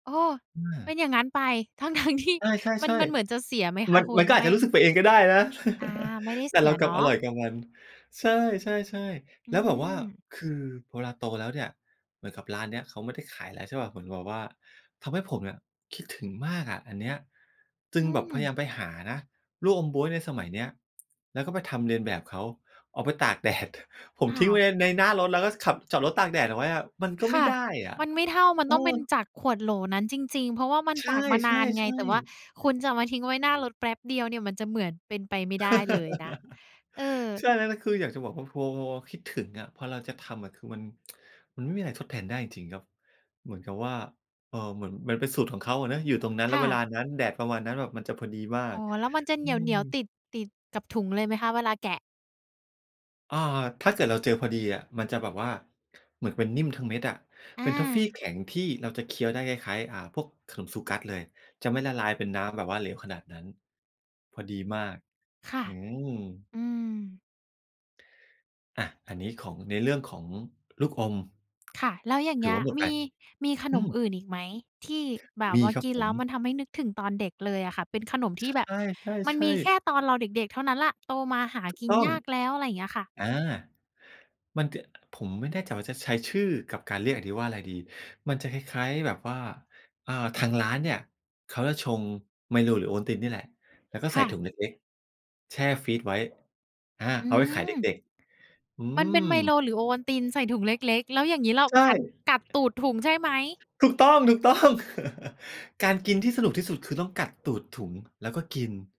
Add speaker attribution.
Speaker 1: อ้อ
Speaker 2: อ
Speaker 1: เป็
Speaker 2: า
Speaker 1: นอย่างงั้นไป ทั้ง ๆ ที่
Speaker 2: ใ
Speaker 1: มั
Speaker 2: ช
Speaker 1: น
Speaker 2: ่
Speaker 1: มันเหมือนจะ
Speaker 2: ๆ
Speaker 1: เสียไหมค
Speaker 2: ๆ มั
Speaker 1: ะ
Speaker 2: น
Speaker 1: คุ
Speaker 2: มัน
Speaker 1: ณ?
Speaker 2: ก็อา
Speaker 1: ไม
Speaker 2: จ
Speaker 1: ่
Speaker 2: จะรู้สึกไปเองก็ได้นะ
Speaker 1: อา ไม่ได้
Speaker 2: แต
Speaker 1: เ
Speaker 2: ่
Speaker 1: สี
Speaker 2: เรา
Speaker 1: ย
Speaker 2: กล
Speaker 1: เ
Speaker 2: ั
Speaker 1: นา
Speaker 2: บอ
Speaker 1: ะ
Speaker 2: ร่อยกับมัน ใช่ ๆ
Speaker 1: อ
Speaker 2: ๆ
Speaker 1: ื
Speaker 2: แล้วแบบว่า
Speaker 1: ม
Speaker 2: คือเวลาโตแล้วเนี่ย เหมือนกับร้านเนี้ยเขาไม่ได้ขายแล้ว ใช่เปล่า เหมือนกับแบบว่าทำให้ผมเนี่ย คิดถึงมากอะอันเนี้ย จึ
Speaker 1: อ
Speaker 2: ง
Speaker 1: ื
Speaker 2: แบบพยาย
Speaker 1: ม
Speaker 2: ามไปหานะ ลูกอมบ๊วยในสมัยเนี้ย แล้วก็ไปทำเลียนแบบเขา เอาไปตากแดด ผม
Speaker 1: ค่
Speaker 2: ทิ้งไว้
Speaker 1: ะ
Speaker 2: ใน ในหน้ารถ แล้วก็ขับ จอดรถตากแดดเอาไว้อะ ก็
Speaker 1: ค
Speaker 2: ไม่
Speaker 1: ่ะ
Speaker 2: ได้อะ
Speaker 1: มันไม่เท่า มัน
Speaker 2: เอ
Speaker 1: ต้องเป็น
Speaker 2: อ
Speaker 1: จากขวดโหลนั้นจริง ๆ เพราะว่ามัน
Speaker 2: ใช
Speaker 1: ตากมานา
Speaker 2: ่
Speaker 1: นไง แต่ว่า
Speaker 2: ๆ ๆ
Speaker 1: คุณจะมาทิ้งไว้หน้ารถแป๊บเดียวเนี่ย มันจะเหมือนเป็นไปไม่ได้เลยนะ เออ
Speaker 2: ใช่ ล นะ คืออยากจะบอกว่า พอ พอคิดถึงอะ พอเราจะทำอะ คือมัน มันไม่มีอะไรทดแทนได้จริง ๆ ครับ เหมือนกับว่า เอ่อ เหมือนมันเป็นสูตรของเขาอะเนาะ อยู่ตรงนั้นแ
Speaker 1: ค
Speaker 2: ล้ว
Speaker 1: ่
Speaker 2: เว
Speaker 1: ะ
Speaker 2: ลานั้น แดดประมาณนั้น มันจะพอดีมา
Speaker 1: อ
Speaker 2: ก
Speaker 1: ๋อ แล้วมันจะเ
Speaker 2: อ
Speaker 1: ห
Speaker 2: ืม
Speaker 1: นียว ๆ ติด ติดกับถุงเลยไหมคะ? เวลาแกะ
Speaker 2: อา ถ้าเกิดเราเจอพอดีอะ มันจะแบบว่า เหมือนเป็นนิ่มทั้งเม็ดอะ
Speaker 1: อ
Speaker 2: เป็นทอฟฟี
Speaker 1: า
Speaker 2: แข็งที่เราจะเคี้ยวได้คล้าย ๆ อ่า พวกขนมซูกัสเลย จะไม่ละลายเป็นน้ำแบบว่าเหลวขนาดนั้น พอดีมาก
Speaker 1: ค่ะ
Speaker 2: อืม
Speaker 1: อืม
Speaker 2: อา อันนี้ของ ในเรื่องของลูกอม
Speaker 1: ค่ะ แล้วอย่าง
Speaker 2: ถ
Speaker 1: เง
Speaker 2: ื
Speaker 1: ี
Speaker 2: อ
Speaker 1: ้
Speaker 2: ว
Speaker 1: ย
Speaker 2: ่าหมด
Speaker 1: ม
Speaker 2: ไป
Speaker 1: ี มีข
Speaker 2: อ
Speaker 1: น
Speaker 2: ื
Speaker 1: ม
Speaker 2: ม
Speaker 1: อื่นอีกไหม ที่แบบ
Speaker 2: มี
Speaker 1: ว่า
Speaker 2: ครั
Speaker 1: ก
Speaker 2: บ
Speaker 1: ิน
Speaker 2: ผ
Speaker 1: แล้
Speaker 2: ม
Speaker 1: วมันทำให้นึกถึงตอนเด็กเลยอะค่ะ เป็นขนม
Speaker 2: ใ
Speaker 1: ที่แบบมั
Speaker 2: ช
Speaker 1: นม
Speaker 2: ่
Speaker 1: ีแ
Speaker 2: ๆ
Speaker 1: ค
Speaker 2: ๆ
Speaker 1: ่ตอนเราเด็ก ๆ เท่านั้นแหละ โตมาหา
Speaker 2: ถูก
Speaker 1: กิน
Speaker 2: ต้อง
Speaker 1: ยากแล้ว? อะไรอย่างเงี้ยค่ะ
Speaker 2: อา มันจะ ผมไม่แน่ใจว่าจะใช้ชื่อกับการเรียกอันนี้ว่าอะไรดี มันจะคล้าย ๆ แบบว่า เอ่อ ทางร้านเนี่ยเขาจะชงไมโล หรือโอวัลตินนี่แหละ แล้วก็
Speaker 1: ค
Speaker 2: ใส่
Speaker 1: ่
Speaker 2: ถุ
Speaker 1: ะ
Speaker 2: งเล็ก ๆ แช่ฟรีซไว้ อา
Speaker 1: อื
Speaker 2: เอาไว้ขายเ
Speaker 1: ม
Speaker 2: ด็ก ๆ อื
Speaker 1: มันเป็น
Speaker 2: ม
Speaker 1: ไมโล หรือโอวัลติน ใส่ถุงเล็ก ๆ แล้วอย่างงี้เรา
Speaker 2: ใช่
Speaker 1: กัด กัดตูดถุงใช่ไหม?
Speaker 2: ถูกต้อง ๆ การกินที่สนุกที่สุด คือต้องกัดตูดถุง แล้วก็กิน